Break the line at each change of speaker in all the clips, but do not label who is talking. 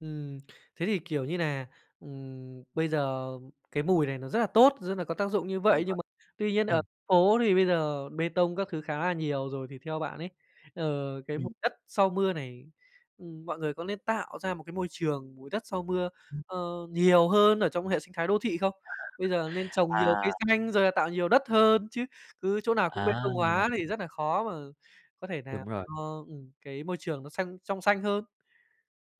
Ừm, thế thì, kiểu, như nà, ừm, bây giờ cái mùi này nó rất là tốt, rất là có tác dụng như
Đúng
vậy,
rồi.
nhưng mà tuy nhiên ở
Ừm.
phố thì bây giờ bê tông các thứ khá là nhiều rồi. Thì theo bạn ấy, ờ, cái mùi
Ừm.
đất sau mưa này, ừm, mọi người có lên tạo ra một cái môi trường mùi đất sau mưa, ơ, nhiều hơn ở trong hệ sinh thái đô thị không? Bây giờ nên trồng nhiều cây
À.
xanh rồi là tạo nhiều đất hơn chứ? Cứ chỗ nào cũng bê
À.
tông hóa thì rất nà khó mà có thể làm
Đúng rồi.
cho, ừm, cái môi trường nó xanh, trong xanh hơn.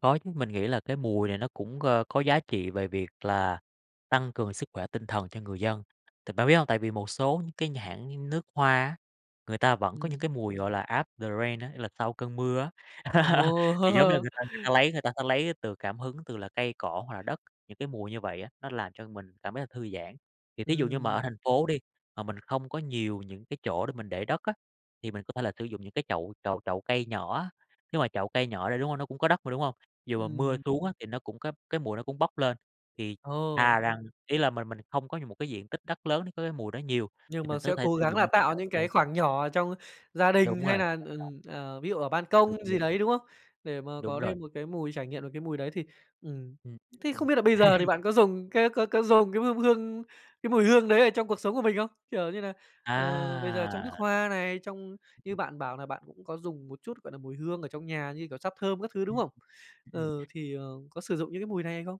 Có chứ, mình nghĩ là cái mùi này nó cũng, ơ, có giá trị về việc là tăng cường sức khỏe tinh thần cho người dân, t bạn biết hông? Tại vì một số cái nhãn hãng nước hoa á, người ta vẫn có những
Ừm.
cái mùi gọi là after the rain á, nghĩa là sau cơn mưa á. Thì giống như
Ồ!
người ta người ta lấy, người ta sẽ lấy từ cảm hứng từ là cây cỏ hoặc là đất, những cái mùi như vậy á, nó làm cho mình cảm thấy thư giãn. Thì thí dụ như mà ở
Ừm.
thành phố đi mà mình không có nhiều những cái chỗ để mình để đất á thì mình có thể là sử dụng những cái chậu chậu chậu cây nhỏ á. Nếu mà chậu cây nhỏ đi, đúng không? Nó cũng có đất mà, đúng không? Dụ mà mưa
Ừm.
xuống á thì nó cũng có cái mùi nó cũng bốc lên thì
Ồ.
thà rằng, ý là mình mình không có nh một cái diện tích đất lớn để có cái mùi đó nhiều,
Nhưng
thì mình
mà
có
sẽ
thể
cố
sử
gắng
dụng
là
những cái
tạo
chậu
những
cây.
cái khoảng nhỏ trong gia
Đúng
đình
rồi,
hay là,
đem trồng.
ừm, ờ, ví dụ ở ban
Đúng,
công gì
đúng.
đấy, đúng không? Để mà
Đúng
có
rồi.
thêm một cái mùi, trải nghiệm được cái mùi đấy thì, ừm,
Ừm, ừm,
thế
ừm.
không biết là bây giờ thì bạn có dùng cái cái có dùng cái hương hương cái mùi hương đấy ở trong cuộc sống của mình không? Kiểu như nà ờ, bây giờ trong nước
À!
hoa này, trong như bạn bảo nà bạn cũng có dùng một chút, gọi là, mùi hương ở trong nhà như, kiểu, sáp thơm các thứ, đúng
Ừm,
không?
ừm ừm.
Ừ, thì, ờ, có sử dụng những cái mùi này hay không?